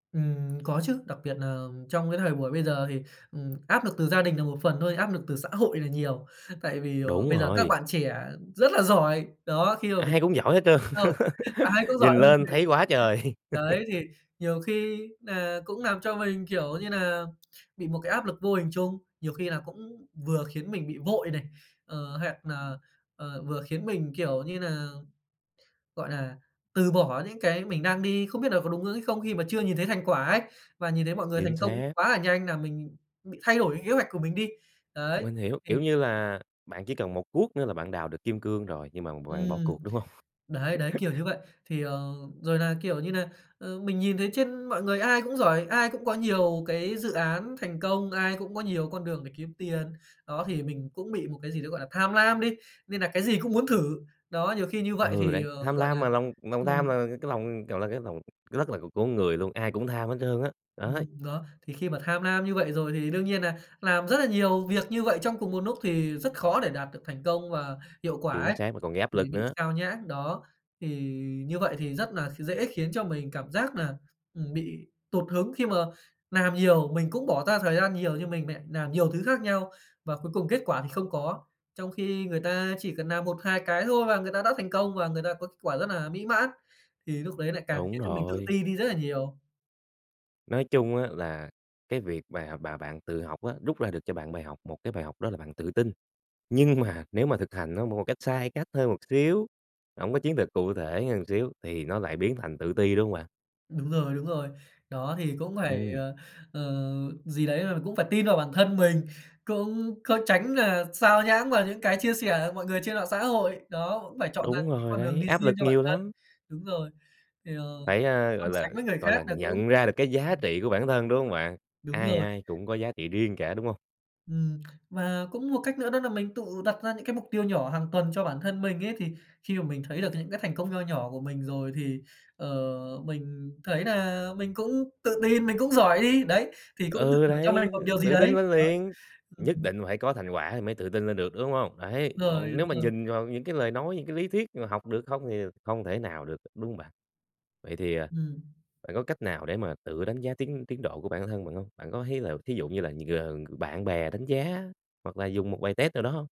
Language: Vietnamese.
Ừm, có chứ, đặc biệt nà trong cái thời buổi bây giờ thì, ừm, áp lực từ gia đình là một phần thôi, áp lực từ xã hội là nhiều. Tại vì, ờ, Đúng bây giờ các rồi. bạn trẻ rất là giỏi! Đó, khi mà mình Ai cũng giỏi hết trơn. mạng xã hội ai cũng giỏi Nhìn hơn lên mình, thấy quá trời! đấy, thì nhiều khi nà cũng làm cho mình, kiểu như nà, bị một cái áp lực vô hình chung, nhiều khi là cũng vừa khiến mình bị vội này, ờ, hoặc nà, ờ, vừa khiến mình, kiểu như nà, gọi là, từ bỏ những cái mình đang đi, không biết nà có đúng hướng hay không, khi mà chưa nhìn thấy thành quả ấy. Và nhìn thấy mọi người Chính thành công xác. quá nà nhanh làm mình bị thay đổi cái kế hoạch của mình đi. Đấy, Mình hiểu, thì kiểu như là, bạn chỉ cần một cuốc nữa là bạn đào được kim cương rồi, nhưng mà b bạn bỏ Ừm. cuộc, đúng hông? Đấy, đấy, kiểu như vậy. Thì, ờ, rồi nà, kiểu như nà, ờ, mình nhìn thấy trên mọi người ai cũng giỏi, ai cũng có nhiều cái dự án thành công, ai cũng có nhiều con đường để kiếm tiền. Đó, thì mình cũng bị một cái gì đấy, gọi là, tham lam đi, nên nà cái gì cũng muốn thử. Đó, nhiều khi như vậy Ừ, thì, đấy, ờ, tham gọi lam nà mà, lòng lòng tham ừm. là cái lòng kiểu là, cái lòng rất là của của người luôn, ai cũng tham hết trơn á, đấy. Ừm, đó, thì khi mà tham lam như vậy rồi thì đương nhiên nà làm rất là nhiều việc như vậy trong cùng một núc, thì rất khó để đạt được thành công và hiệu quả Chính ấy, xác, mà còn gây áp thì lực bị nữa. sao nhãng. Đó, thì như vậy thì rất nà kh dễ khiến cho mình cảm giác nà, ừm, bị tụt hứng khi mà làm nhiều, mình cũng bỏ ra thời gian nhiều như mình mẹ làm nhiều thứ khác nhau và cuối cùng kết quả thì không có. Trong khi người ta chỉ cần làm 1-2 cái thôi và người ta đã thành công, và người ta có kết quả rất nà mỹ mãn, thì lúc đấy lại càng Đúng khiến cho mình tự rồi. ti đi rất là nhiều. Nói chung á là cái việc và mà bạn tự học á, rút ra được cho bạn bài học, một cái bài học đó là bạn tự tin. Nhưng mà nếu mà thực hành nó một cái cách sai cách thôi một xíu, hổng có chiến lược cụ thể hơn một xíu thì nó lại biến thành tự ti, đúng hông bạn? Đúng rồi, đúng rồi. Đó, thì cũng phải, Ừm. ờ, ờ, gì đấy là, cũng phải tin vào bản thân mình, cũng có tránh nà sao nhãng vào những cái chia sẻ của mọi người trên mạng xã hội. Đó, cũng phải chọn ra Đúng những cái rồi con đường đấy, đi áp riêng lực cho bản nhiều thân. lắm. Đúng rồi, thì, ờ, Phải, a, gọi không là, sánh với người gọi khác là, là cũng nhận ra được cái giá ừm. trị của bản thân, đúng hông bạn? Đúng Ai rồi. ai cũng có giá trị riêng cả, đúng hông? Ừm, mà cũng một cách nữa đó nà mình tự đặt ra những cái mục tiêu nhỏ hàng tuần cho bản thân mình ấy. Thì khi mà mình thấy được những cái thành công nho nhỏ của mình rồi thì, ờ, mình thấy nà mình cũng tự tin, mình cũng giỏi đi, đấy, thì cũng tự Ừ, thưởng cho đấy, mình một ư, điều gì tự tin đấy. lên Đó. liền, Ừ, nhất ừm. định phải có thành quả thì mới tự tin lên được, đúng hông? Đấy, Rồi, còn nếu đúng mà rồi. nhìn vào những cái lời nói, những cái lý thuyết mà học được không [unintelligible] không thể nào được, đúng hông bạn? Vậy thì, à, Ừm. bạn có cách nào để mà tự đánh giá tiến tiến độ của bản thân bạn hông? Bạn có thấy là thí dụ như là g bạn bè đánh giá hoặc là dùng một bài test nào đó hông?